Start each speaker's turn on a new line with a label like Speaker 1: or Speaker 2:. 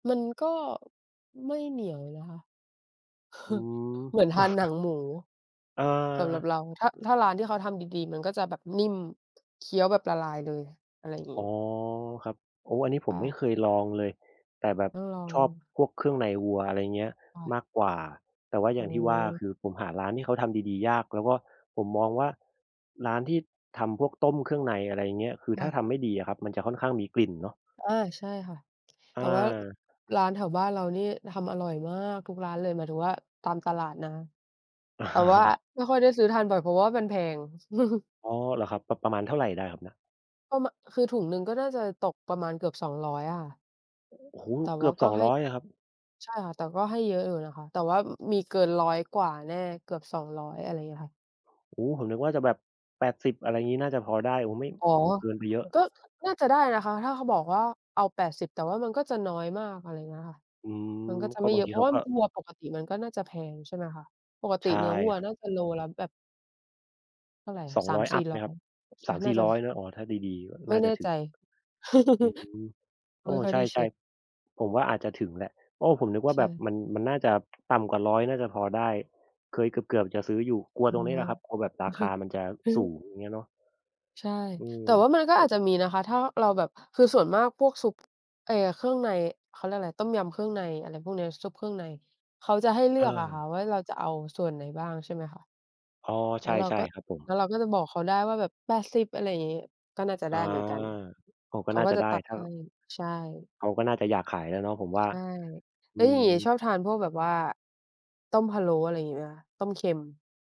Speaker 1: มันก็ ไม่เหนียวนะคะ
Speaker 2: อื
Speaker 1: เหมือน
Speaker 2: ม
Speaker 1: ทานหนังหมู
Speaker 2: อ
Speaker 1: สำหรับ
Speaker 2: า
Speaker 1: เราถ้า ถ้าร้านที่เขาทำดี ๆ มันก็จะแบบนิ่ม เคี้ยวแบบละลายเลย อะไรอย่างง
Speaker 2: อ
Speaker 1: ี
Speaker 2: ๋
Speaker 1: ้
Speaker 2: อ ครับ โอ้โฮ อันนี้ผ
Speaker 1: ค
Speaker 2: ม
Speaker 1: ่
Speaker 2: ไม่
Speaker 1: ะ
Speaker 2: เคยลองเลย แต่แบบ
Speaker 1: ต้องลอง
Speaker 2: ชอบพวกเครื่องในวัว อะไรอย่างเงี้ย
Speaker 1: ค่ะ
Speaker 2: มากกว่า แต่ว่าอ
Speaker 1: โอ
Speaker 2: ย
Speaker 1: ้
Speaker 2: ่างที่ว่า ค
Speaker 1: โฮ
Speaker 2: ือผมหาร้านที่เขาทำดี ๆ ยาก แล้วก็ผมมองว่า ร้านที่ทำพวกต้มเครื่องใน อะไรอย่างเงี้ย คือ
Speaker 1: ค่
Speaker 2: ถ้า
Speaker 1: ะ
Speaker 2: ทำไม่ดีอะครับ มันจะค่อนข้างมีกลิ่นเนาะ
Speaker 1: อา ใช่ค่ะ แ
Speaker 2: อ
Speaker 1: ต่ว่า
Speaker 2: า
Speaker 1: ร้านแถวบ้านเรานี่ทำอร่อยมากทุกร้านเลย หมายถึงว่าตามตลาดนะ
Speaker 2: อ
Speaker 1: แต่ว่า
Speaker 2: า
Speaker 1: ไม่ค่อยได้ซื้อทานบ่อย เพราะว่ามันแพง
Speaker 2: อ๋อ เหรอครับ ประ ประมาณเท่าไรได้ครับน่ะ?
Speaker 1: ประมาณ คือถุงหนึ่งก็น่าจะตกประมาณเกือบ 200 อะค่ะ
Speaker 2: โอ้โฮ!
Speaker 1: แต่
Speaker 2: เก
Speaker 1: ว่
Speaker 2: ือบ 200 เหรอครับ?
Speaker 1: าก็ให้ ใช่ค่ะ แต่ก็ให้เยอะอยู่นะคะ แต่ว่ามีเกิน 100 กว่าแน่ เกือบ 200 อะไรอย่างเงี้ยค่ะ
Speaker 2: โอ้โฮ ผมนึกว่าจะแบบ 80 อะไรงี้ น่าจะพอได้ โอ้ ไม่
Speaker 1: อ๋อ
Speaker 2: โอ้โฮ เกินไปเยอะ
Speaker 1: ก็น่าจะได้นะคะ ถ้าเขาบอกว่าเอา 80 แต่ว่ามันก็จะน้อยมาก อะไรอย่างเงี้ยค่ะ
Speaker 2: อืม
Speaker 1: มันก็จะ
Speaker 2: ก็
Speaker 1: ไม่
Speaker 2: บ
Speaker 1: เ
Speaker 2: า
Speaker 1: ย
Speaker 2: ง
Speaker 1: อ
Speaker 2: ท
Speaker 1: ะ
Speaker 2: ี
Speaker 1: เพร
Speaker 2: เ
Speaker 1: า
Speaker 2: ข
Speaker 1: ะ
Speaker 2: า
Speaker 1: ว่า
Speaker 2: ก็
Speaker 1: วัวปกติมันก็น่าจะแพง ใช่ไหมคะ ปกต
Speaker 2: ใช
Speaker 1: ิ
Speaker 2: ่
Speaker 1: เนื้อวัว
Speaker 2: ครับ
Speaker 1: น่าจะโลละแบบ เท่าไรอ
Speaker 2: ส
Speaker 1: ะ
Speaker 2: อง
Speaker 1: สา
Speaker 2: ร้
Speaker 1: ม
Speaker 2: อย อ
Speaker 1: สี
Speaker 2: ั
Speaker 1: ่
Speaker 2: ปไห
Speaker 1: ร
Speaker 2: ม
Speaker 1: ้อย
Speaker 2: ครับ?
Speaker 1: ก็จ
Speaker 2: ส
Speaker 1: ะ
Speaker 2: ามส
Speaker 1: น่
Speaker 2: ี
Speaker 1: า
Speaker 2: ่
Speaker 1: จ
Speaker 2: ร
Speaker 1: ะ
Speaker 2: ้อย เนาะ อ๋อ ถ้าดี
Speaker 1: ไ
Speaker 2: ๆ น
Speaker 1: ม
Speaker 2: ่
Speaker 1: ่
Speaker 2: า
Speaker 1: แ
Speaker 2: จ
Speaker 1: น
Speaker 2: ะ
Speaker 1: ่
Speaker 2: ถึ
Speaker 1: ใ
Speaker 2: ง
Speaker 1: จ
Speaker 2: อืม โ
Speaker 1: ไ
Speaker 2: อ
Speaker 1: ม
Speaker 2: ้
Speaker 1: ่ค่อ
Speaker 2: ใ
Speaker 1: ย
Speaker 2: ช
Speaker 1: ได้เช
Speaker 2: ่
Speaker 1: ็ก
Speaker 2: ๆ ผมว่าอาจจะถึงแหละ โอ้ ผมนึกว่
Speaker 1: ใ
Speaker 2: า
Speaker 1: ช
Speaker 2: แบบ
Speaker 1: ่
Speaker 2: มัน มันน่าจะ ต่ำกว่า 100 น่าจะพอได้ เคยเกือบ ๆ จะซื้ออยู่ กลัว
Speaker 1: อ๋
Speaker 2: ตรงนี้แหล
Speaker 1: อ
Speaker 2: ะครับ กลัวแบบราคามันจะสูง อย่างเงี้ยเนาะ
Speaker 1: ใช่
Speaker 2: อืม
Speaker 1: แต่ว่ามันก็
Speaker 2: แล
Speaker 1: อ
Speaker 2: ้
Speaker 1: าจ
Speaker 2: ว
Speaker 1: จะมีนะคะ ถ้าเราแบบ คือส่วนมากพวกซุป ไอ้เครื่องใน เขาเรียกอะไร ต้มยำเครื่องใน อะไรพวกเนี้ย ซุปเครื่องใน เขาจะให้เลื
Speaker 2: อ
Speaker 1: อ
Speaker 2: า
Speaker 1: กอะค่ะ ว่าเราจะเอาส่วนไหนบ้าง ใช่ไหมคะ
Speaker 2: อ๋อ
Speaker 1: แ
Speaker 2: ใ
Speaker 1: ล
Speaker 2: ช
Speaker 1: ้วเรา
Speaker 2: ่
Speaker 1: ก็
Speaker 2: ๆ ครับผ
Speaker 1: แล้
Speaker 2: ม
Speaker 1: วเราก็จะบอกเขาได้ว่าแบบ 80 อะไรอย่างงี้ ก็น่าจะ
Speaker 2: อ
Speaker 1: ได
Speaker 2: า
Speaker 1: ้เหมือนกัน
Speaker 2: อ้อ ก
Speaker 1: เ
Speaker 2: ็
Speaker 1: ขา
Speaker 2: น่า
Speaker 1: ก็
Speaker 2: จะ
Speaker 1: จ
Speaker 2: ไ
Speaker 1: ะ
Speaker 2: ด้
Speaker 1: ตัด
Speaker 2: ถ้า
Speaker 1: ให้ ใช่
Speaker 2: เขาก็น่าจะอยากขายแหละเนาะผมว่า
Speaker 1: ใช่
Speaker 2: อ
Speaker 1: แล้
Speaker 2: ื
Speaker 1: วอย่างงี้
Speaker 2: ม
Speaker 1: ชอบทานพวกแบบว่า ต้มพะโล้ อะไรอย่างงี้ไหมคะ ต้มเค็ม?